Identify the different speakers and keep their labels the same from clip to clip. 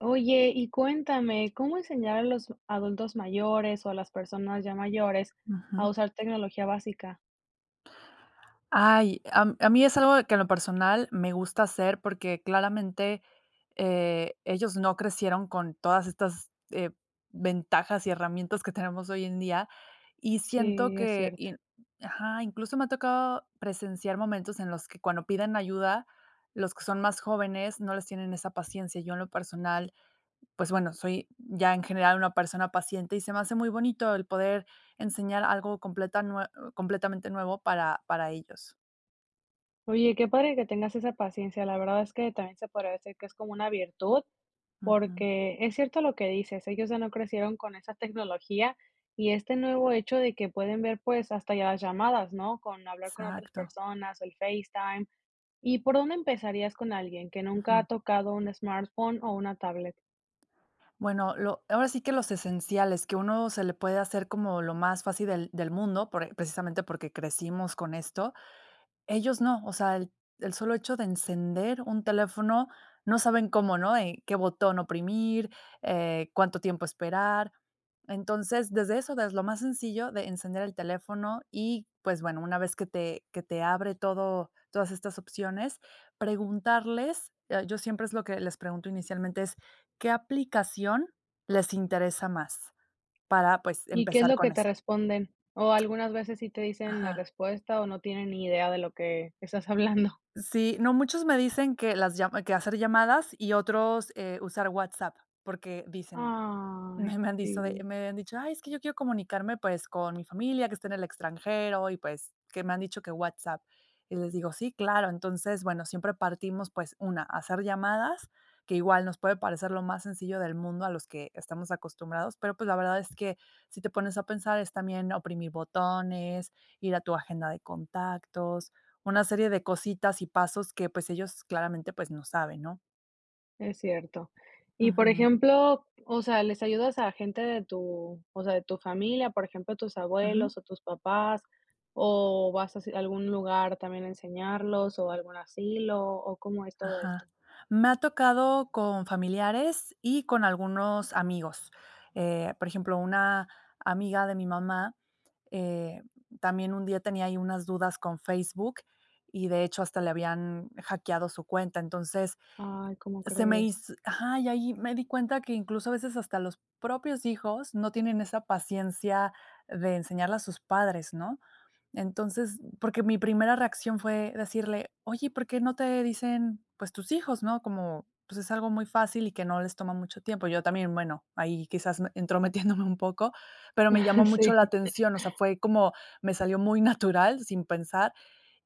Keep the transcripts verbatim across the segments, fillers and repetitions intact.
Speaker 1: Oye, y cuéntame, ¿cómo enseñar a los adultos mayores, o a las personas ya mayores a
Speaker 2: Ujú.
Speaker 1: usar tecnología básica?
Speaker 2: Ay, a a mí es algo de que en lo personal me gusta hacer, porque claramente, eh, ellos no crecieron con todas estas, eh, ventajas y herramientas que tenemos hoy en día, y siento
Speaker 1: Sí, es
Speaker 2: que
Speaker 1: cierto.
Speaker 2: y Ajá, incluso me ha tocado presenciar momentos en los que cuando piden ayuda, los que son más jóvenes, no les tienen esa paciencia. Yo, en lo personal, pues bueno, soy ya en general una persona paciente, y se me hace muy bonito el poder enseñar algo completa nue completamente nuevo para para ellos.
Speaker 1: Oye, qué padre que tengas esa paciencia, la verdad es que también se podría decir que es como una virtud,
Speaker 2: Ujú.
Speaker 1: porque, es cierto lo que dices, ellos ya no crecieron con esa tecnología y este nuevo hecho de que pueden ver, pues, hasta ya las llamadas, ¿no? Con hablar con otras
Speaker 2: Exacto.
Speaker 1: personas, el FaceTime, ¿y por dónde empezarías con alguien que nunca ha
Speaker 2: Ujú.
Speaker 1: tocado un smartphone o una tablet?
Speaker 2: Bueno, lo ahora sí que los esenciales que a uno se le puede hacer como lo más fácil del del mundo, por precisamente porque crecimos con esto, ellos no. O sea, el el solo hecho de encender un teléfono, no saben cómo, ¿no? Eh, qué botón oprimir, eh, cuánto tiempo esperar. Entonces, desde eso, desde lo más sencillo, de encender el teléfono y, pues bueno, una vez que te que te abre todo todas estas opciones preguntarles, eh, yo siempre es lo que les pregunto inicialmente es: "¿Qué aplicación les interesa más?". Para pues,
Speaker 1: ¿Y qué es
Speaker 2: empezar
Speaker 1: lo que
Speaker 2: con
Speaker 1: te
Speaker 2: esa
Speaker 1: responden? O algunas veces sí te dicen la
Speaker 2: Ajá.
Speaker 1: respuesta, o no tienen ni idea de lo que estás hablando.
Speaker 2: Sí, no, muchos me dicen que las lla que hacer llamadas y otros, eh, usar WhatsApp, porque dicen,
Speaker 1: Ay,
Speaker 2: me me han dice de
Speaker 1: sí.
Speaker 2: me habían dicho: "Ay es que yo quiero comunicarme pues con mi familia que está en el extranjero, y pues, que me han dicho que WhatsApp". Y les digo: "Sí, claro". Entonces, bueno, siempre partimos, pues una, hacer llamadas, que igual nos puede parecer lo más sencillo del mundo, a los que estamos acostumbrados, pero pues, la verdad es que si te pones a pensar, es también oprimir botones, ir a tu agenda de contactos, una serie de cositas y pasos que, pues, ellos claramente pues no saben ¿no?
Speaker 1: Es cierto. Y por
Speaker 2: Ujú.
Speaker 1: ejemplo, o sea, ¿les ayudas a gente de tu, o sea, de tu familia, por ejemplo, tus
Speaker 2: Ujú.
Speaker 1: abuelos o tus papás, o vas así a algún lugar también a enseñarlos o algún asilo, o cómo es todo esto?
Speaker 2: Ajá, me ha tocado con familiares y con algunos amigos, eh, por ejemplo, una amiga de mi mamá, eh, también un día tenía ahí unas dudas con Facebook y de hecho hasta le habían hackeado su cuenta, entonces,
Speaker 1: Ay, ¿cómo
Speaker 2: se me
Speaker 1: crees?
Speaker 2: hiz ajá, y ahí me di cuenta que incluso a veces hasta los propios hijos no tienen esa paciencia de enseñarle a sus padres, ¿no? Entonces, porque mi primera reacción fue decirle: "Oye, ¿por qué no te dicen, pues, tus hijos?", ¿no? Como, pues, es algo muy fácil y que no les toma mucho tiempo, yo también, bueno, ahí quizás entrometiéndome un poco, pero me llamó mucho
Speaker 1: Sí.
Speaker 2: la atención, o sea, fue como, me salió muy natural sin pensar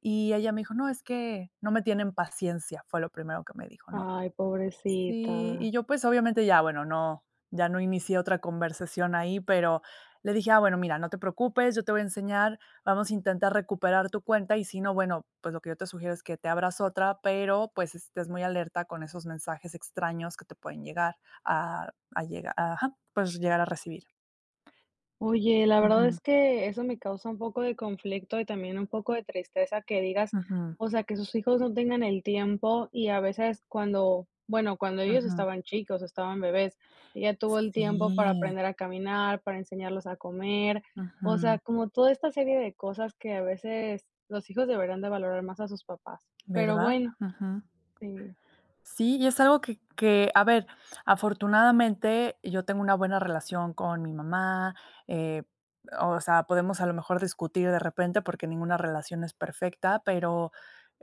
Speaker 2: y ella me dijo: "No, es que no me tienen paciencia", fue lo primero que me dijo, ¿no?
Speaker 1: Ay,
Speaker 2: Sí, y
Speaker 1: pobrecita.
Speaker 2: yo, pues obviamente ya, bueno, no, ya no inicié otra conversación ahí, pero le dije: "Ah, bueno, mira, no te preocupes, yo te voy a enseñar, vamos a intentar recuperar tu cuenta y si no, bueno, pues, lo que yo te sugiero es que te abras otra, pero, pues estés muy alerta con esos mensajes extraños que te pueden llegar a a llegar, ajá, puedes llegar a recibir"
Speaker 1: Oye, la verdad
Speaker 2: Ujú.
Speaker 1: es que eso me causa un poco de conflicto y también, un poco de tristeza que digas,
Speaker 2: Ujú.
Speaker 1: o sea, que sus hijos no tengan el tiempo y a veces cuando, bueno, cuando ellos
Speaker 2: Ujú.
Speaker 1: estaban chicos, estaban bebés, ella tuvo el tiempo para
Speaker 2: Sí.
Speaker 1: aprender a caminar, para enseñarles a comer. O sea,
Speaker 2: Ujú.
Speaker 1: como toda esta serie de cosas, que a veces los hijos deberían de valorar más a sus papás, pero,
Speaker 2: ¿Verdad?
Speaker 1: bueno.
Speaker 2: Ujú.
Speaker 1: Sí.
Speaker 2: Sí, y es algo que que, a ver, afortunadamente yo tengo una buena relación con mi mamá, eh, o sea, podemos a lo mejor discutir de repente, porque ninguna relación es perfecta, pero,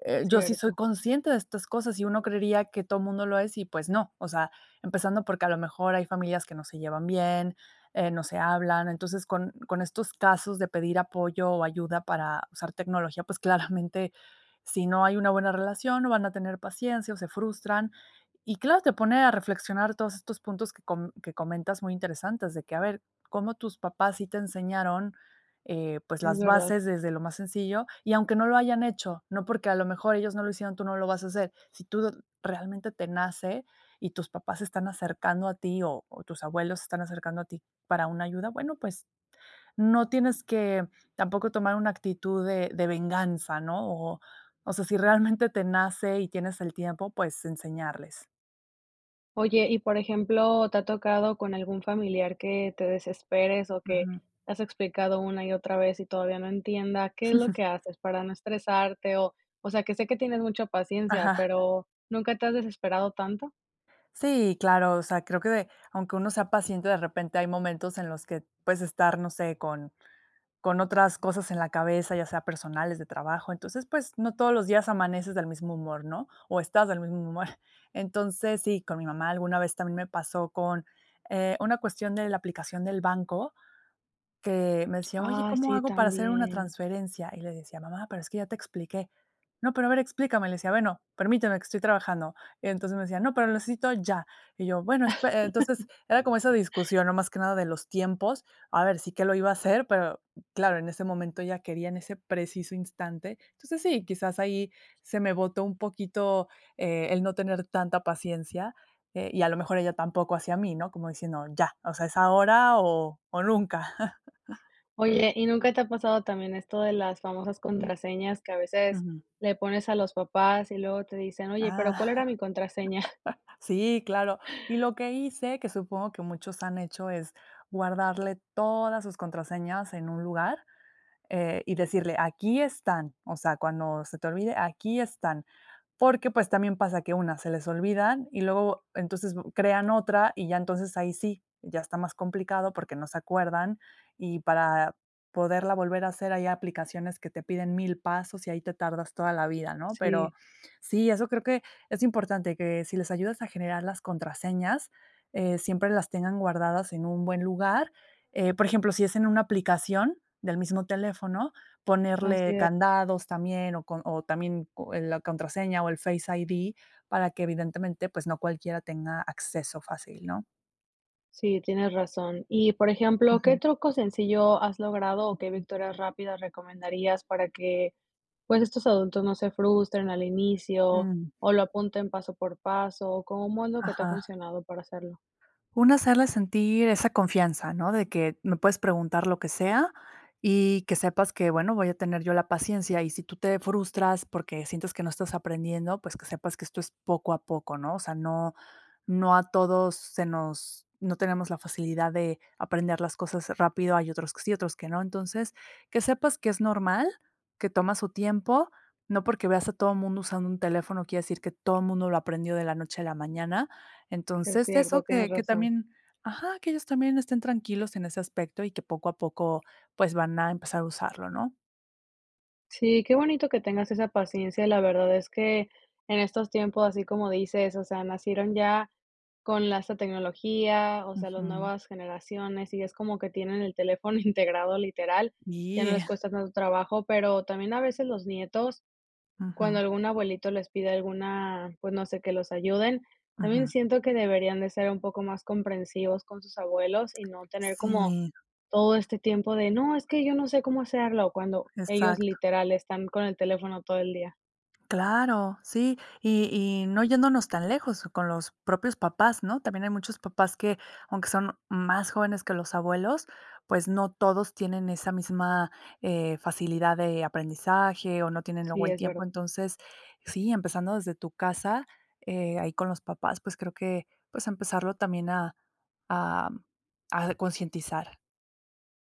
Speaker 2: eh, yo sí soy
Speaker 1: Cierto.
Speaker 2: consciente de estas cosas y uno creería que todo mundo lo es y, pues no. O sea, empezando porque a lo mejor hay familias que no se llevan bien, eh, no se hablan, entonces, con con estos casos de pedir apoyo o ayuda para usar tecnología, pues claramente, si no hay una buena relación no van a tener paciencia o se frustran. Y claro, te pone a reflexionar todos estos puntos que co que comentas muy interesantes de que, a ver, cómo tus papás sí te enseñaron, eh, pues,
Speaker 1: Es
Speaker 2: las
Speaker 1: verdad.
Speaker 2: bases desde lo más sencillo, y aunque no lo hayan hecho, no porque a lo mejor ellos no lo hicieron, tú no lo vas a hacer. Si tú, realmente te nace y tus papás se están acercando a ti o o tus abuelos se están acercando a ti para una ayuda, bueno, pues, no tienes que tampoco tomar una actitud de de venganza, ¿no? O o sea, si realmente te nace y tienes el tiempo, pues enseñarles.
Speaker 1: Oye, y por ejemplo, ¿te ha tocado con algún familiar que te desesperes, o que
Speaker 2: Ujú.
Speaker 1: le has explicado una y otra vez y todavía no entienda? ¿Qué es lo que haces, para no estresarte? O O sea, que sé que tienes mucha paciencia,
Speaker 2: Ajá.
Speaker 1: pero, ¿nunca te has desesperado tanto?
Speaker 2: Sí, claro. O sea, creo que de aunque uno sea paciente, de repente hay momentos en los que puedes estar, no sé, con con otras cosas en la cabeza, ya sea personales, de trabajo, entonces, pues, no todos los días amaneces del mismo humor, ¿no? O estás del mismo humor. Entonces, sí, con mi mamá alguna vez también me pasó con, eh, una cuestión de la aplicación del banco, que me decía: "Oye,
Speaker 1: Ah,
Speaker 2: ¿cómo
Speaker 1: sí,
Speaker 2: hago para hacer una
Speaker 1: también.
Speaker 2: transferencia?" Y le decía: "Mamá, pero es que ya te expliqué. 'No, pero, a ver, explícame'," le decía: "Bueno, permíteme, que estoy trabajando", entonces, me decía: "No, pero lo necesito ya." Y yo: "Bueno espe" eh, entonces, era como esa discusión, no más que nada de los tiempos, a ver si qué lo iba a hacer, pero, claro, en ese momento ella quería en ese preciso instante, entonces, sí, quizás ahí se me botó un poquito, eh, el no tener tanta paciencia, eh, y, a lo mejor, ella tampoco hacia mí, ¿no? Como diciendo: "Ya, o sea, es ahora, o o, nunca".
Speaker 1: Oye, ¿y nunca te ha pasado también, esto de las famosas contraseñas que a veces
Speaker 2: Ujú.
Speaker 1: le pones a los papás, y luego te dicen: "Oye, pero,
Speaker 2: Ah.
Speaker 1: ¿cuál era mi contraseña?"
Speaker 2: Sí, claro. Y lo que hice, que supongo que muchos han hecho, es guardarle todas sus contraseñas en un lugar, eh, y decirle: "Aquí están, o sea, cuando se te olvide, aquí están". Porque, pues, también pasa que, una, se les olvidan y luego, entonces, crean otra, y ya entonces ahí sí, ya está más complicado, porque, no se acuerdan, y para poderla volver a hacer, hay aplicaciones que te piden mil pasos y ahí te tardas toda la vida, ¿no? Pero
Speaker 1: Sí.
Speaker 2: sí, eso creo que es importante, que si les ayudas a generar las contraseñas, eh, siempre las tengan guardadas en un buen lugar, eh, por ejemplo, si es en una aplicación del mismo teléfono,
Speaker 1: Así
Speaker 2: ponerle
Speaker 1: es.
Speaker 2: candados también, o con o o, también, eh, la contraseña o el Face ID, para que, evidentemente, pues, no cualquiera tenga acceso fácil, ¿no?
Speaker 1: Sí, tienes razón. Y, por ejemplo, ¿qué
Speaker 2: Ujú.
Speaker 1: truco sencillo has logrado, o qué victorias rápidas recomendarías para que, pues, estos adultos no se frustren al inicio,
Speaker 2: Mm.
Speaker 1: o lo apunten paso por paso? ¿O cómo es lo que te ha
Speaker 2: Ajá.
Speaker 1: funcionado para hacerlo?
Speaker 2: Uno, hacerle sentir esa confianza, ¿no? De que me puedes preguntar lo que sea y que sepas que, bueno, voy a tener yo la paciencia. Y si tú te frustras porque sientes que no estás aprendiendo, pues, que sepas que esto es poco a poco, ¿no? O sea, no no a todos se nos no tenemos la facilidad de aprender las cosas rápido, hay otros que sí, otros que no. Entonces, que sepas que es normal, que toma su tiempo, no porque veas a todo mundo usando un teléfono, quiere decir que todo mundo lo aprendió de la noche a la mañana.
Speaker 1: Es
Speaker 2: Entonces,
Speaker 1: cierto,
Speaker 2: eso
Speaker 1: tienes
Speaker 2: que que
Speaker 1: razón.
Speaker 2: también ajá, que ellos también estén tranquilos en ese aspecto, y que poco a poco, pues, van a empezar a usarlo, ¿no?
Speaker 1: Sí, qué bonito que tengas esa paciencia. La verdad es que en estos tiempos, así como dices, o sea, nacieron ya con la esta tecnología, o sea las
Speaker 2: Ujú.
Speaker 1: nuevas generaciones, y es como que tienen el teléfono integrado literal, ya no les
Speaker 2: [unintelligible]
Speaker 1: cuesta tanto trabajo, pero también a veces los nietos cuando
Speaker 2: Ujú.
Speaker 1: algún abuelito les pide alguna pues no sé que los ayuden, También
Speaker 2: Ujú.
Speaker 1: siento que deberían de ser un poco más comprensivos con sus abuelos, y no tener como
Speaker 2: Sí.
Speaker 1: todo este tiempo de: "No, es que yo no sé cómo hacerlo". Cuando ellos
Speaker 2: Exacto.
Speaker 1: literal están con el teléfono todo el día.
Speaker 2: Claro, sí. Y y no yéndonos tan lejos con los propios papás, ¿no? También hay muchos papás que, aunque son más jóvenes que los abuelos, pues, no todos tienen esa misma, eh, facilidad de aprendizaje, o no tienen luego
Speaker 1: Sí,
Speaker 2: el
Speaker 1: es verd
Speaker 2: tiempo. Entonces, sí, empezando desde tu casa, eh, ahí con los papás, pues, creo que, pues, empezarlo también a a a concientizar.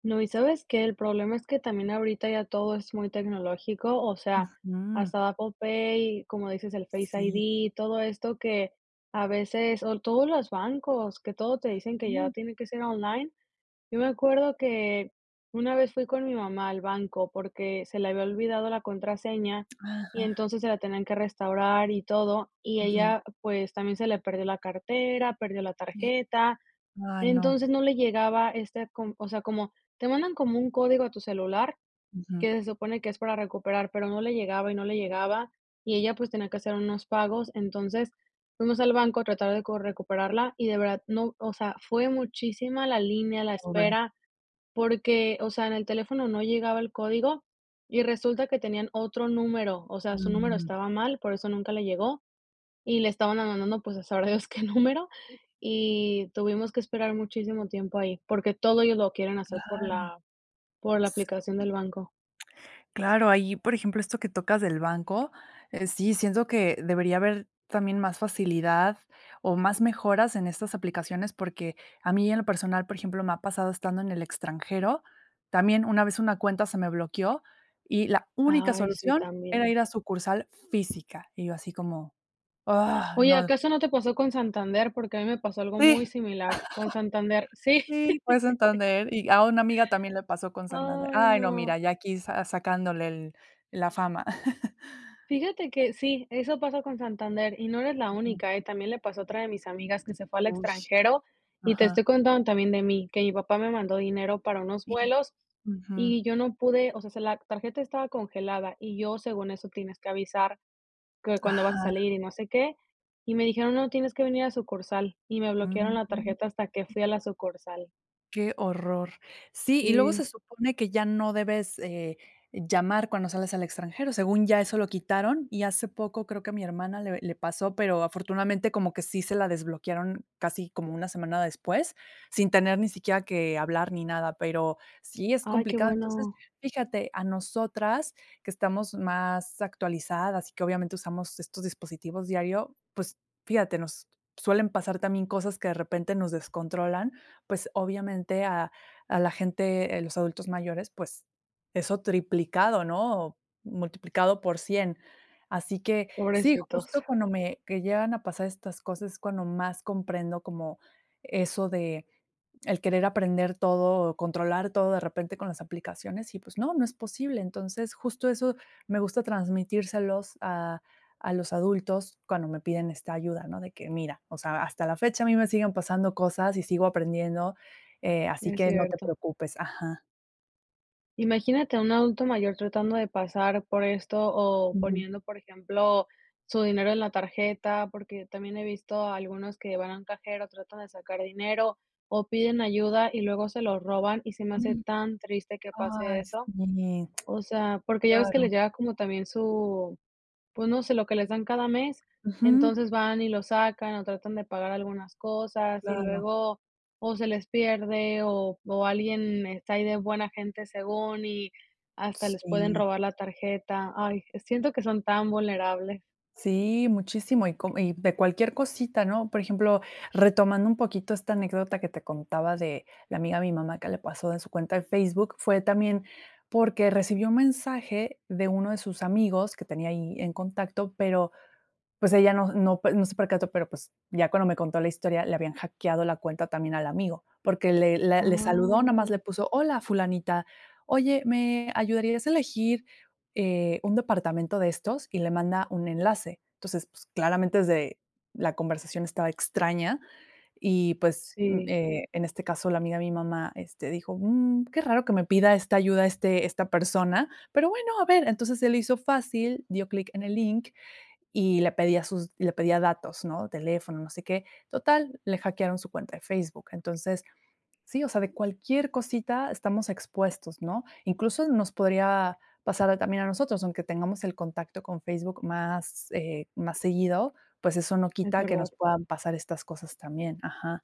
Speaker 1: No, y sabes que el problema es que también ahorita ya todo es muy tecnológico. O sea,
Speaker 2: Ujú.
Speaker 1: hasta Apple Pay, como dices, el Face
Speaker 2: Sí.
Speaker 1: ID. Todo esto que a veces o todos los bancos, que todo te dicen que ya
Speaker 2: Ujú.
Speaker 1: tiene que ser online. Yo me acuerdo que una vez fui con mi mamá al banco porque se le había olvidado la contraseña, y
Speaker 2: Ajá.
Speaker 1: entonces se la tenían que restaurar y todo. Y
Speaker 2: Ujú.
Speaker 1: ella, pues, también se le perdió la cartera, perdió la tarjeta.
Speaker 2: Ay, no.
Speaker 1: Entonces no le llegaba esta con o sea como te mandan como un código a tu celular
Speaker 2: Ujú.
Speaker 1: que se supone que es para recuperar, pero no le llegaba y no le llegaba. Y ella, pues, tenía que hacer unos pagos. Entonces fuimos al banco a tratar de cor recuperarla, y de verdad, no, o sea, fue muchísima la línea, la
Speaker 2: Pobre.
Speaker 1: espera, porque, o sea, en el teléfono no llegaba el código. Y resulta que tenían otro número, o sea, su número
Speaker 2: Mm.
Speaker 1: estaba mal, por eso nunca le llegó. Y le estaban ma mandando, pues, a sabrá Dios qué número,
Speaker 2: Sí.
Speaker 1: y tuvimos que esperar muchísimo tiempo ahí, porque todo ellos lo quieren hacer por
Speaker 2: Claro.
Speaker 1: la por la aplicación del banco.
Speaker 2: S Claro, ahí, por ejemplo, esto que tocas del banco, eh, sí, siento que debería haber también más facilidad, o más mejoras en estas aplicaciones, porque a mí en lo personal, por ejemplo, me ha pasado estando en el extranjero. También una vez una cuenta se me bloqueó, y la única
Speaker 1: Ay, sí
Speaker 2: solución era
Speaker 1: también.
Speaker 2: ir a sucursal física, y yo así como, ah,
Speaker 1: Oye,
Speaker 2: no.
Speaker 1: acaso no te pasó con Santander, porque a mí me pasó
Speaker 2: Sí.
Speaker 1: algo muy similar. Con Santander, sí.
Speaker 2: Sí fue Santander. Y a una amiga también le pasó con Santander.
Speaker 1: Ay,
Speaker 2: Ay, no,
Speaker 1: no.
Speaker 2: mira, ya aquí sa sacándole el la fama.
Speaker 1: Fíjate que sí, eso pasa con Santander y no eres la
Speaker 2: Ujú.
Speaker 1: única, eh. También le pasó a otra de mis amigas que se fue al
Speaker 2: Ush.
Speaker 1: extranjero. Y te
Speaker 2: Ajá.
Speaker 1: estoy contando también de mí, que mi papá me mandó dinero para unos
Speaker 2: Y.
Speaker 1: vuelos,
Speaker 2: Ujú.
Speaker 1: y yo no pude o sea se la tarjeta estaba congelada, y yo según eso, tienes que avisar que cuando vas a
Speaker 2: Ajá.
Speaker 1: salir, y no sé qué, y me dijeron: "No tienes que venir a sucursal", y me bloquearon la
Speaker 2: Mm.
Speaker 1: tarjeta hasta que fui a la sucursal.
Speaker 2: Qué horror, sí, y luego
Speaker 1: Sí.
Speaker 2: se supone que ya no debes, eh, llamar cuando sales al extranjero, según ya eso lo quitaron, y hace poco creo que mi hermana le le pasó, pero, afortunadamente como que sí se la desbloquearon casi como una semana después, sin tener ni siquiera que hablar ni nada, pero, sí es
Speaker 1: Ay, qué
Speaker 2: complicado. Entonces,
Speaker 1: bueno.
Speaker 2: fíjate a nosotras que estamos más actualizadas y que obviamente usamos estos dispositivos diario, pues fíjate, nos suelen pasar también cosas que de repente nos descontrolan, pues, obviamente a a la gente, eh, los adultos mayores, pues, eso triplicado, ¿no?, multiplicado por cien, así que sí,
Speaker 1: Pobrecitos.
Speaker 2: justo cuando me, que llegan a pasar estas cosas es cuando más comprendo como eso de el querer aprender todo, controlar todo de repente con las aplicaciones y, pues no, no es posible. Entonces, justo eso me gusta transmitírselos a a los adultos cuando me piden esta ayuda, ¿no? De que, mira, o sea, hasta la fecha a mí me siguen pasando cosas y sigo aprendiendo, eh, así
Speaker 1: Es
Speaker 2: que no te
Speaker 1: cierto.
Speaker 2: preocupes. Ajá.
Speaker 1: Imagínate un adulto mayor tratando de pasar por esto o
Speaker 2: Ujú.
Speaker 1: poniendo, por ejemplo, su dinero en la tarjeta, porque, también he visto algunos que van a un cajero, tratan de sacar dinero, o piden ayuda y luego se lo roban y se me hace
Speaker 2: Ujú,
Speaker 1: tan triste que pase
Speaker 2: ay
Speaker 1: eso.
Speaker 2: sí,
Speaker 1: O sea, porque ya ves que
Speaker 2: claro.
Speaker 1: les llega como también su, pues no sé, lo que les dan cada mes,
Speaker 2: Ujú.
Speaker 1: entonces, van y lo sacan o tratan de pagar algunas cosas y
Speaker 2: Claro.
Speaker 1: luego o se les pierde, o o alguien está ahí de buena gente según y hasta les pueden
Speaker 2: Sí.
Speaker 1: robar la tarjeta. Ay, eh, siento que son tan vulnerables.
Speaker 2: Sí, muchísimo, y co y de cualquier cosita, ¿no? Por ejemplo, retomando un poquito esta anécdota que te contaba, de la amiga de mi mamá que le pasó en su cuenta de Facebook, fue también, porque recibió un mensaje de uno de sus amigos que tenía ahí en contacto, pero, pues ella no no no se percató, pero, pues ya cuando me contó la historia le habían hackeado la cuenta también al amigo, porque, le le le saludó, nomás le
Speaker 1: Ay.
Speaker 2: puso: "Hola, fulanita, oye, ¿me ayudarías a elegir, eh, un departamento de estos?", y le manda un enlace. Entonces, pues, claramente es de la conversación estaba extraña y, pues, mm,
Speaker 1: Sí.
Speaker 2: eh, en este caso, la amiga de mi mamá, este, dijo: "Mm qué raro que me pida esta ayuda este esta persona pero, bueno, a ver", entonces, se le hizo fácil, dio clic en el link y le pedía sus le pedía datos, ¿no? Teléfono, no sé qué. Total, le hackearon su cuenta de Facebook, entonces, sí, o sea, de cualquier cosita estamos expuestos, ¿no? Incluso, nos podría pasar a también a nosotros, aunque tengamos el contacto con Facebook más, eh, más seguido, pues, eso no
Speaker 1: Es
Speaker 2: quita que
Speaker 1: verdad.
Speaker 2: nos puedan pasar estas cosas también. Ajá.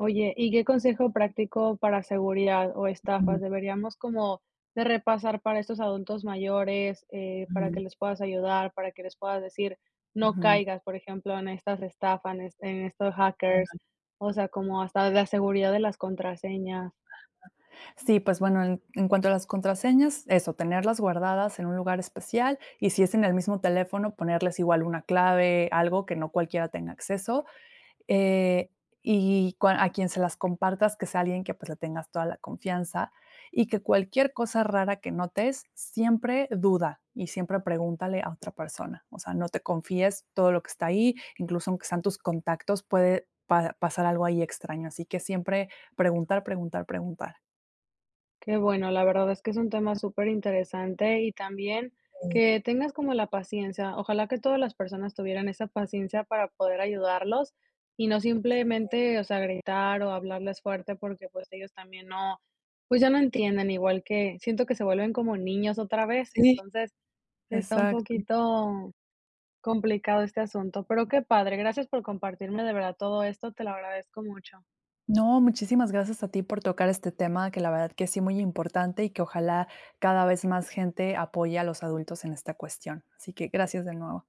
Speaker 1: Oye, ¿y qué consejo práctico para seguridad o estafas
Speaker 2: Ujú.
Speaker 1: deberíamos como de repasar para estos adultos mayores? Eh, para
Speaker 2: Ujú.
Speaker 1: que les puedas ayudar, para que les puedas decir: "No
Speaker 2: Ujú.
Speaker 1: caigas", por ejemplo, en estas estafan, este, en estos
Speaker 2: Qué
Speaker 1: hackers,
Speaker 2: mal.
Speaker 1: o sea, como hasta de la seguridad de las contraseñas.
Speaker 2: Sí, pues, bueno, en en cuanto a las contraseñas, eso, tenerlas guardadas en un lugar especial y si es en el mismo teléfono, ponerles igual una clave, algo que no cualquiera tenga acceso, eh, y cuan a quien se las compartas, que sea alguien que, pues, le tengas toda la confianza y que cualquier cosa rara que notes, siempre duda y siempre pregúntale a otra persona, o sea, no te confíes todo lo que está ahí, incluso aunque sean tus contactos, puede pa pasar algo ahí extraño. Así que siempre preguntar, preguntar, preguntar.
Speaker 1: Qué bueno, la verdad es que es un tema superinteresante y también
Speaker 2: Sí.
Speaker 1: que tengas como la paciencia. Ojalá que todas las personas tuvieran esa paciencia, para poder ayudarlos y no
Speaker 2: Sí.
Speaker 1: simplemente, o sea, gritar o hablarles fuerte porque, pues, ellos también no, pues, ya no entienden, igual que siento que se vuelven como niños otra vez,
Speaker 2: Sí,
Speaker 1: entonces, está un
Speaker 2: exacto.
Speaker 1: poquito complicado este asunto, pero qué padre, gracias por compartirme de verdad todo esto, te lo agradezco mucho.
Speaker 2: No, muchísimas gracias a ti por tocar este tema, que la verdad que sí muy importante y que ojalá cada vez más gente apoye a los adultos en esta cuestión, así que gracias de nuevo.